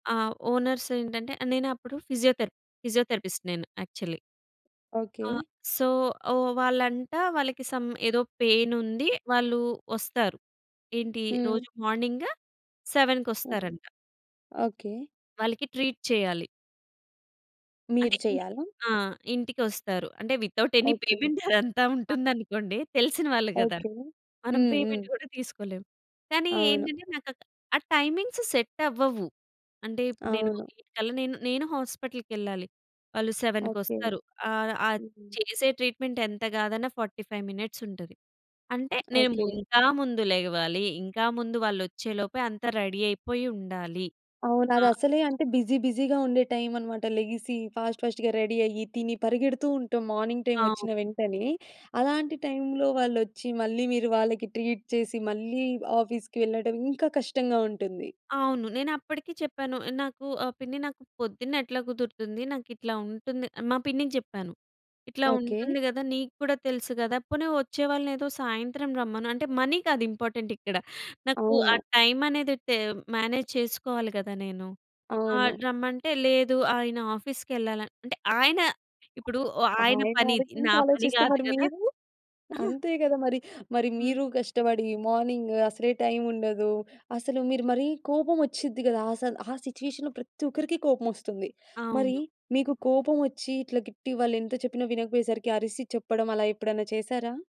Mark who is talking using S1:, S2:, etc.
S1: ఆ! ఓనర్సేంటంటే, ఆహ్, నేనప్పుడు ఫిజియోథెరప్ ఫిజియోథెరపిస్ట్ నేను యాక్చల్లీ.
S2: ఓకే.
S1: ఆ! సో, ఓహ్, వాళ్ళంట, వాళ్ళకి స‌మ్ ఏదో పెయినుంది, వాళ్ళూ వస్తారు. ఏంటీ
S2: హ్మ్.
S1: రోజు మార్నింగ్
S2: [unintelligible]
S1: సెవెన్‌కొస్తారంట.
S2: ఓకే.
S1: వాళ్ళకి ట్రీట్ చేయాలి.
S2: మీరు
S1: అంటే, ఇంటికి.
S2: చెయ్యాలా?
S1: ఆ! ఇంటికొస్తారు. అంటే వితౌట్ ఎనీ
S2: ఓకే.
S1: పేమెంటే అదంతా ఉంటుందనుకోండి. తెలిసిన వాళ్ళు గదా!
S2: ఓకే.
S1: మనం
S2: హ్మ్. హ్మ్.
S1: పేమెంట్ గూడా తీసుకోలేం. కానీ
S2: అవును.
S1: ఏంటంటే నాకక్క ఆ టైమింగ్స్ సెట్టవ్వవు. అంటే ఇప్పుడు నేను
S2: అవును.
S1: 8 కల్లా నేను, నేనూ హాస్పిటల్‌కెళ్ళాలి వాళ్ళు
S2: ఓకే.
S1: సెవెన్‌కొస్తారు. ఆహ్, ఆది
S2: హ్మ్.
S1: చేసే ట్రీట్‌మెంటెంత గాదన్నా 45 మినిట్సుంటది. అంటే, నేము
S2: ఓకే.
S1: ఇంకా ముందు లెగవాలీ, ఇంకా ముందు వాళ్ళొచ్చేలోపే అంతా రెడీ అయిపోయుండాలి.
S2: అవును.
S1: ఆ!
S2: అదసలే అంటే, బిజీ బిజీగా ఉండే టైమనమాట. లెగిసీ ఫాస్ట్ ఫాస్ట్‌గా రెడీ అయ్యి, తిని పరిగెడుతూ ఉంటాం. మార్నింగ్
S1: ఆ!
S2: టైమొచ్చిన వెంటనే. అలాంటి టైములో వాళ్ళొచ్చి, మళ్ళీ మీరు వాళ్ళకి ట్రీట్ చేసి, మళ్ళీ ఆఫీస్‌కి వెళ్ళడం, ఇంకా కష్టంగా ఉంటుంది.
S1: అవును. నేనప్పడికీ చెప్పాను. నాకూ ఆహ్, పిన్ని నాకు పొద్దున్నెట్లా కుదురుతుంది, నాకిట్లా ఉంటుంది ఆహ్, మా పిన్నికి జెప్పాను. ఇట్లా
S2: ఓకే.
S1: ఉంటుంది గదా, నీక్కూడా తెలుసు గదా! పోని వచ్చే వాళ్ళనేదో సాయంత్రం రమ్మను. అంటే, మనీ కాదు ఇంపార్టెంటిక్కడ, నాకు ఆ
S2: అవును.
S1: టైమనేది టేమ్ మేనేజ్ చేసుకోవాలి గదా నేను. ఆహ్,
S2: అవును.
S1: రమ్మంటే, లేదు ఆయన ఆఫీస్‌కెళ్ళాల అంటే, ఆయన ఇప్పుడూ వొ ఆయన పనీది. నా పని
S2: ఆయనాలోచించాలోచిస్తే
S1: గాదు
S2: మరి
S1: గదా!
S2: మీరు? అంతే గదా మరి! మరి
S1: హ్మ్.
S2: మీరు కష్టబడి మార్నింగు అసలే టైముండదు. అసలు మీరు మరీ కోపమొచ్చుద్ది గదాసల, ఆ సిట్యుయేషన్‌లో ప్రత్తొకరికి కోపమొస్తుంది. మరీ
S1: అవును.
S2: మీకు కోపమొచ్చి, ఇట్లా గిట్టి, వాళ్ళెంత చెప్పినా వినకపోయేసరికి, అరిసి చెప్పడం, అలా ఎప్పుడన్నా చేసారా?